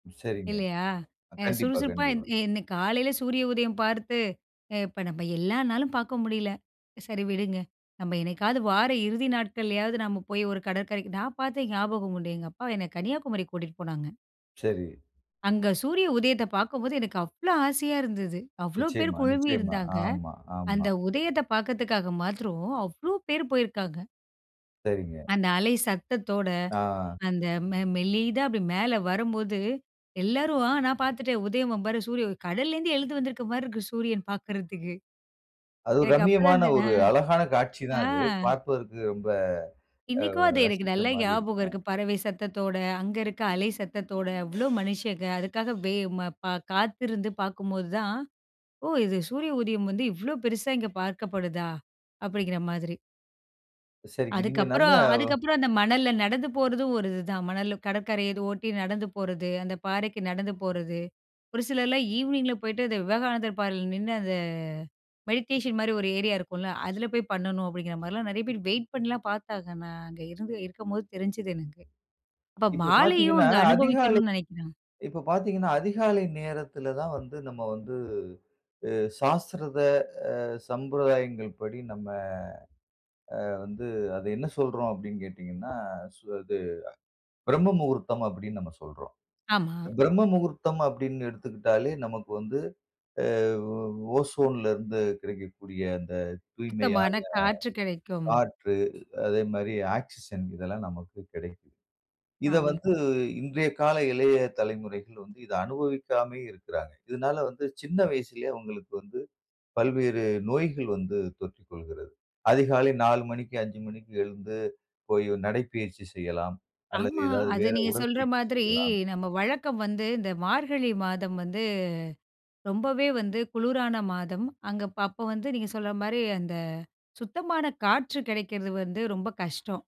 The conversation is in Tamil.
சரிங்க. இல்லையா, அ கண்டிப்பா, சுறுசுறுப்பா இன் கண்டிப்பா. இன்னைக்கு காலையில சூரிய உதயம் பார்த்து அ இப்ப நம்ம எல்லா நாளும் பார்க்க முடியல, சரி விடுங்க. நம்ம என்னைக்காவது வார இறுதி நாட்கள்லயாவது நாம போய் ஒரு கடற்கரைக்கு நான் பார்த்த ஞாபகம் உண்டு, எங்க அப்பா என்னை கன்னியாகுமரிக்கு கூட்டிட்டு போனாங்க. சரி. அங்க சூரிய உதயத்த பார்க்கும்போது எனக்கு அவ்வளோ ஆசையா இருந்தது. அவ்ளோ பேர் நிச்சயமா, குழுமி நிச்சயமா. இருந்தாங்க, ஆமா, ஆமா. அந்த உதயத்த பார்க்கிறதுக்காக மாத்திரோம் அவ்வளோ பேர் போயிருக்காங்க. சரிங்க. அந்த அலை சத்தத்தோட, ஆ. அந்த மெ மெல்லிதா அப்படி மேல வரும்போது, எல்லாரும் அ நான் பாத்துட்டேன், உதயம் பாரு, சூரிய உ கடல்ல இருந்து எழுது வந்திருக்க மாரி இருக்கு, சூரியன் பாக்குறதுக்கு. அது ஒரு எனக்கு அப்போதான் ரம்மியமான இந்த அ ஒரு அழகான காட்சிதான் ஆ. அது, பார்ப்பதற்கு ரொம்ப இன்னைக்கும் அது அ எனக்கு ரசிக்கிற நல்லா மாரி ஞாபகம் இருக்கும். இருக்கு, பறவை சத்தத்தோட, அங்க இருக்க அலை சத்தத்தோட அவ்ளோ மனிஷங்க அதுக்காக வெ ம ப காத்திருந்து பார்க்கும்போது தான், "ஓ! இது சூரிய உதயம் வந்து இவ்வளோ பெருசா இங்க பார்க்கப்படுதா!" அப்படின்கிற மாதிரி. சரிங்க, நீங்க நல்ல அதுக்கப்புறம் அதுக்கப்புறம் அந்த மணல்ல நடந்து போறதும் ஒரு இதுதான், மணல்ல கடற்கரை அது ஒட்டி நடந்து போறது, அந்த பாறைக்கு நடந்து போறது, ஒரு சிலர்லாம் ஈவினிங்கில போய்ட்டு அந்த விவேகானந்தர் பாறையில நின்னு அந்த மெடிடேஷன் மாரி ஒரு ஏரியா இருக்கும்ல, அதில போய் பண்ணணும் அப்படிங்கிற மாரிலாம் நிறைய பேர் வெயிட் பணணிலாம் பார்த்தாங்க, நான் அங்க இருந்து இருக்கும்போது தெரிஞ்சுது எனக்கு. அப்போ இப்போ மாலையும் பார்த்தீங்கனா, அங்க அதிகாலை அனுபவிக்கணும்னு நினைக்கிறேன். இப்போ பார்த்தீங்கனா அதிகாலை நேரத்தில தான் வந்து, நம்ம வந்து அ சாஸ்திரத அ சம்பிரதாயங்கள் படி நம்ம அ வந்து, அதை என்ன சொல்றோம் அப்படின்னு கேட்டீங்கனா, சு அது, பிரம்ம முகூர்த்தம் அப்டின்னு நம்ம சொல்றோம். ஆமா. பிரம்ம முகூர்த்தம் அப்படின்னு எடுத்துக்கிட்டாலே, நமக்கு வந்து அ ஒசோன்ல இருந்து கிடைக்கக்கூடிய அந்த சுத்தமான தூய்மையான காற்று கிடைக்கும். காற்று, அதே மாரி ஆக்ஸிஜன் இதெல்லாம் நமக்கு கிடைக்குது. இதை ஆ. வந்து இன்றைய கால இளைய தலைமுறைகள் வந்து இதை அனுபவிக்காமையே இருக்கிறாங்க. இதுனால வந்து சின்ன வயசிலே அவங்களுக்கு வந்து, பல்வேறு நோய்கள் வந்து தொற்றிக் கொள்கிறது. அதிகாலை 4:00 மணிக்கு, 5:00 மணிக்கு எழுந்து, போய் ஒரு நடைப்பயிற்சி செய்யலாம் அல்லது ஆமா, ஏதாவது அத வேற நீங்க சொல்ற உடற்பயிற்சி மாதிரி, செய்யலாம். நம்ம வழக்கம் வந்து இந்த மார்கழி மாதம் வந்து, ரொம்பவே வந்து குளுரான மாதம். அங்க அப்ப அப்போ வந்து நீங்க சொல்ற மாரி அந்த சுத்தமான காற்று கிடைக்கிறது வந்து ரொம்ப கஷ்டம்.